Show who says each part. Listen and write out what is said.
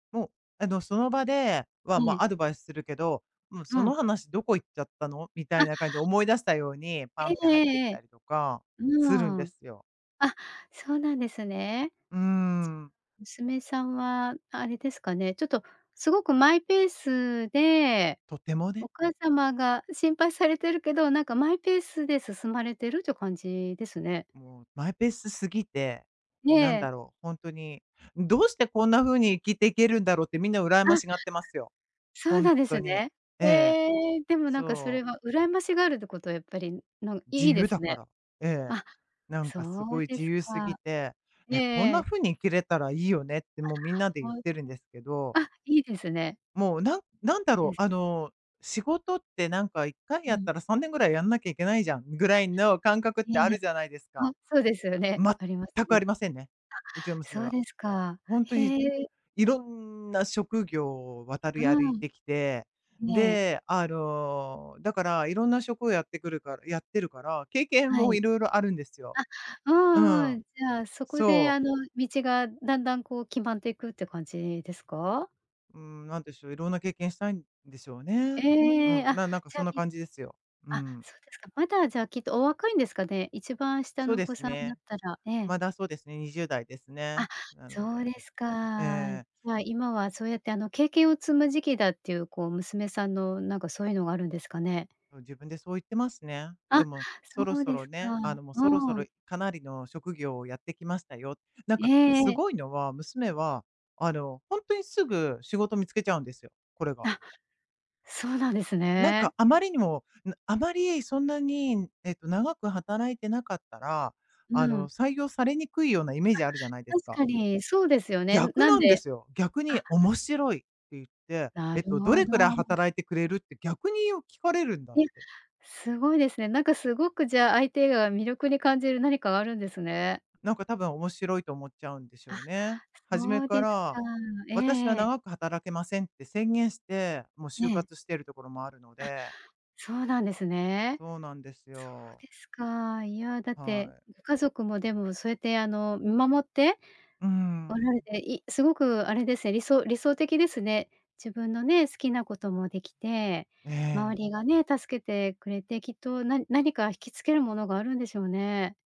Speaker 1: もうあの、その場で
Speaker 2: え
Speaker 1: は、
Speaker 2: え。
Speaker 1: ま、アドバイスするけど、もう
Speaker 2: う
Speaker 1: その
Speaker 2: ん。
Speaker 1: 話どこ行っちゃったの？みたいな感じで
Speaker 2: あ。
Speaker 1: 思い出したように、パ
Speaker 2: え
Speaker 1: ンって
Speaker 2: え
Speaker 1: 入ってき
Speaker 2: えええ
Speaker 1: た
Speaker 2: え。
Speaker 1: りとか
Speaker 2: う
Speaker 1: するんで
Speaker 2: ん。
Speaker 1: すよ。
Speaker 2: あ、そうなんですね。
Speaker 1: うーん。
Speaker 2: つ娘さんはあれですかね、ちょっとすごくマイペースで、
Speaker 1: とても
Speaker 2: お
Speaker 1: ね。
Speaker 2: 母様が心配されてるけど、なんかマイペースで進まれてるって感じですね。
Speaker 1: もうマイペース過ぎて、
Speaker 2: え
Speaker 1: なんだ
Speaker 2: え。
Speaker 1: ろう、ほんとに、どうしてこんな風に生きていけるんだろうってみんな羨ま
Speaker 2: あ。
Speaker 1: しがってますよ。
Speaker 2: そう
Speaker 1: ほん
Speaker 2: なんで
Speaker 1: と
Speaker 2: す
Speaker 1: に。え
Speaker 2: ね。
Speaker 1: えええ。
Speaker 2: へえ、でもなんかそ
Speaker 1: そ
Speaker 2: れ
Speaker 1: う。
Speaker 2: は羨ましがるってこと、やっぱりん、なん
Speaker 1: 自
Speaker 2: いいで
Speaker 1: 由
Speaker 2: す
Speaker 1: だか
Speaker 2: ね。
Speaker 1: ら。ええ。
Speaker 2: あ、
Speaker 1: なん
Speaker 2: そ
Speaker 1: かす
Speaker 2: う
Speaker 1: ごい
Speaker 2: で
Speaker 1: 自
Speaker 2: す
Speaker 1: 由すぎ
Speaker 2: か。
Speaker 1: て
Speaker 2: ええ
Speaker 1: 「え、こん
Speaker 2: え
Speaker 1: な
Speaker 2: え。
Speaker 1: 風に生きれたらいいよね」って
Speaker 2: あ、
Speaker 1: もうみんなで言
Speaker 2: ほ
Speaker 1: っ
Speaker 2: う
Speaker 1: てるんですけど。
Speaker 2: た、あ、いいですね。
Speaker 1: もう、なんなんだ
Speaker 2: そうで
Speaker 1: ろ
Speaker 2: す
Speaker 1: う、あ
Speaker 2: か。
Speaker 1: の、仕事ってなんか一回
Speaker 2: う
Speaker 1: やっ
Speaker 2: ん。
Speaker 1: たら3年ぐらいやんなきゃいけないじゃん、ぐ
Speaker 2: あ、
Speaker 1: らいの感覚って
Speaker 2: いえ
Speaker 1: あ
Speaker 2: いえ、
Speaker 1: るじゃないです
Speaker 2: あ、
Speaker 1: か。
Speaker 2: そうですよね。あります
Speaker 1: 全くあ
Speaker 2: ね。
Speaker 1: りませんね、うちの
Speaker 2: あ、
Speaker 1: 娘
Speaker 2: そう
Speaker 1: は。
Speaker 2: ですか。
Speaker 1: ほんとに、
Speaker 2: へえ。
Speaker 1: いろんな職業を渡り歩
Speaker 2: う
Speaker 1: い
Speaker 2: ん。
Speaker 1: てきて、
Speaker 2: ね。
Speaker 1: で、あの、だから色んな職をやってくるからやってるから、経験
Speaker 2: は
Speaker 1: も
Speaker 2: い。
Speaker 1: 色々あるんですよ。
Speaker 2: あっ、う
Speaker 1: う
Speaker 2: んう
Speaker 1: ん。
Speaker 2: ん。じゃあ、そこで
Speaker 1: そう。
Speaker 2: あの、道がだんだんこう決まっていくって感じですか？
Speaker 1: うーん、何でしょう、いろんな経験したいんでしょうね。う
Speaker 2: ええ、
Speaker 1: ん、
Speaker 2: あ、
Speaker 1: ななんか
Speaker 2: じゃ、
Speaker 1: そんな
Speaker 2: い
Speaker 1: 感じですよ。う
Speaker 2: あ、
Speaker 1: ん。
Speaker 2: そうですか。まだじゃ、きっとお若いんですかね？一番下
Speaker 1: そう
Speaker 2: のお
Speaker 1: で
Speaker 2: 子
Speaker 1: す
Speaker 2: さんだっ
Speaker 1: ね。
Speaker 2: たら、ええ。
Speaker 1: まだ、そうですね20代ですね、
Speaker 2: あ、
Speaker 1: なの
Speaker 2: そう
Speaker 1: で
Speaker 2: ですか。
Speaker 1: ええ。
Speaker 2: はい、今はそうやってあの、経験を積む時期だっていうこう、娘さんのなんかそういうのがあるんですかね？
Speaker 1: うん、自分でそう言ってますね。
Speaker 2: あ、
Speaker 1: でも、そろ
Speaker 2: そう
Speaker 1: そ
Speaker 2: で
Speaker 1: ろ
Speaker 2: すか。
Speaker 1: ね、あの、もうそろそ
Speaker 2: う
Speaker 1: ろ
Speaker 2: ん。
Speaker 1: かなりの職業をやってきましたよ。なん
Speaker 2: え
Speaker 1: か、
Speaker 2: え
Speaker 1: す
Speaker 2: ええ。
Speaker 1: ごいのは、娘はあの、ほんとにすぐ仕事見つけちゃうんですよ、これが。
Speaker 2: あ、そうなんです
Speaker 1: なん
Speaker 2: ね。
Speaker 1: かあまりにも、なあまりそんなに、えっと、長く働いてなかったら、
Speaker 2: う
Speaker 1: あ
Speaker 2: ん。
Speaker 1: の、採用されにくいようなイメージあるじゃないで
Speaker 2: あ、
Speaker 1: す
Speaker 2: 確
Speaker 1: か。
Speaker 2: かにそうですよね。
Speaker 1: 逆
Speaker 2: なん
Speaker 1: なんで
Speaker 2: で
Speaker 1: すよ。逆
Speaker 2: あ。
Speaker 1: に面白いって言って、
Speaker 2: な
Speaker 1: え
Speaker 2: る
Speaker 1: っと、ど
Speaker 2: ほ
Speaker 1: れくらい
Speaker 2: ど。
Speaker 1: 働いてくれる？って逆によ、聞かれるんだっ
Speaker 2: いや、
Speaker 1: て。
Speaker 2: すごいですね。なんかすごくじゃあ、相手が魅力に感じる何かがあるんですね。
Speaker 1: なんか多分面白いと思っちゃうんでし
Speaker 2: あ、
Speaker 1: ょうね。初め
Speaker 2: そうで
Speaker 1: か
Speaker 2: す
Speaker 1: ら
Speaker 2: か。ええ
Speaker 1: 「私は
Speaker 2: ええ。
Speaker 1: 長く働けません」って宣言して、もう
Speaker 2: ね
Speaker 1: 就
Speaker 2: え。
Speaker 1: 活してるところもあるの
Speaker 2: あ、
Speaker 1: で。
Speaker 2: そうなんですね。
Speaker 1: そうなんです
Speaker 2: そう
Speaker 1: よ。
Speaker 2: ですか、いや、だっ
Speaker 1: は
Speaker 2: て
Speaker 1: い。
Speaker 2: 家族もでもそうやって、あの、見守って、
Speaker 1: うー
Speaker 2: おられ
Speaker 1: ん。
Speaker 2: て、いすごくあれですね、理想理想的ですね。自分のね、好きなこともできて、
Speaker 1: え
Speaker 2: 周
Speaker 1: え。
Speaker 2: りがね、助けてくれて、きっとな何か引きつけるものがあるんでしょうね。